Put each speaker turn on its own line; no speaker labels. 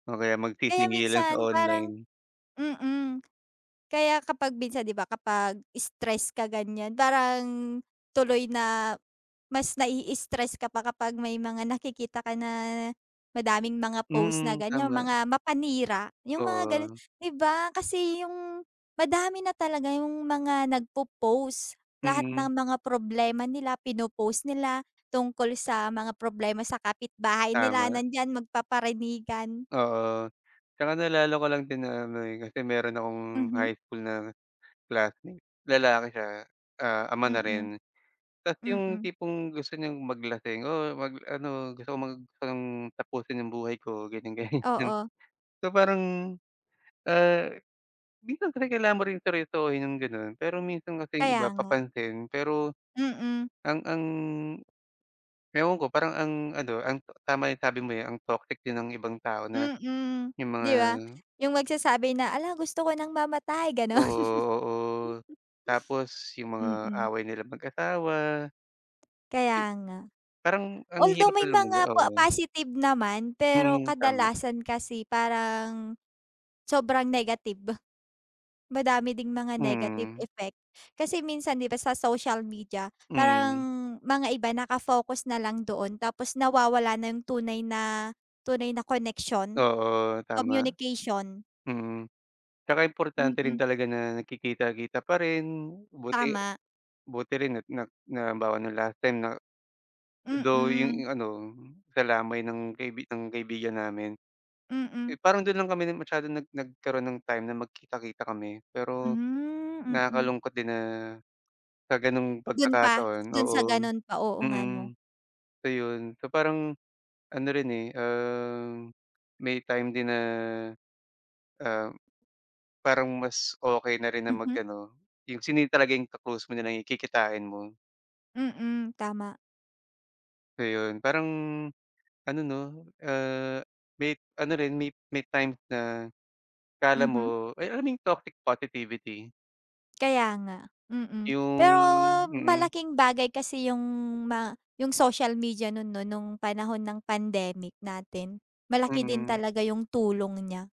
O kaya
Kaya
magsisingilan sa
minsan parang
online.
mm. Kaya kapag minsan di ba, kapag stress ka ganyan, parang tuloy na mas nai-stress ka pa kapag may mga nakikita ka na, madaming mga post na
Mm,
ganyan,
tama.
mga mapanira. Yung mga ganun.
Oo.
'Di ba? Kasi yung madami na talaga yung mga nagpo-post. Lahat
Mm.
ng mga problema nila pinopost nila, tungkol sa mga problema sa kapitbahay nila,
Tama.
nandiyan magpaparinigan.
Oo. Tsaka naalala ko lang din na may kasi meron akong
Mhm.
high school na classmate, lalaki siya, ah, ama na
Mm.
rin, tapos yung
Mm.
tipong gusto niyong maglasing, oh, mag ano, gusto kong mag parang tapusin yung buhay ko, ganyan, ganyan.
Oo.
So parang, ah, minsan kasi kailangan mo rin seryosohin yung gano'n, pero minsan kasi yung
Kaya
iba
nga.
papansin, pero
Mm.
ang ang ewan ko parang ang ano, ang tama yung sabi mo, eh, ang toxic din ng ibang tao na
Mm,
yung mga
di ba? Yung magsasabi na, hala gusto ko ng mamatay,
Oo,
gano'n.
oo. Tapos yung mga
Mm.
away nilang mag-asawa, eh,
Kaya nga.
parang ang
Although
hirap
may
na lumugar
mga po
oo.
positive naman, pero
Mm, tama.
kadalasan kasi parang, sobrang negative. Madami ding mga negative
Mm.
effect, kasi minsan di ba sa social media, parang
Mm.
mga iba nakafocus na lang doon, tapos nawawala na yung tunay na tunay na connection,
Oo, tama.
communication.
Mm. Tsaka importante rin
Mm.
talaga na nagkikita-kita pa rin, buti
Tama.
buti rin at na na halimbawa no'ng last time na though
Mm.
yung ano, sa lamay ng kaibi ng kaibigan namin,
Mm.
eh, parang do'n lang kami masyadong nag nagkaroon ng time na magkita-kita kami. Pero
Hmm, mm.
nakakalungkot din na, sa gano'ng
Do'n pa?
pagkakataon
Do'n sa
oo.
gano'n pa, oo nga 'no.
Mm. So yun. So parang ano rin, eh, um, may time din na, um, parang mas okey na rin na
Mhm.
mag-ano yung sino yung talaga ka-close mo, yun nalang kikitain mo.
Mm, tama.
Ayun. Parang, ano 'no, ah, may ano rin, may may times na, akala
Mhm.
mo ay, alam mo yung toxic positivity?
Kaya nga. Mm.
Yung
Pero
mm.
malaking bagay kasi yung, ma yung social media no'n 'no? No'ng panahon ng pandemic natin. Malaki din
Mm.
talaga yung tulong niya.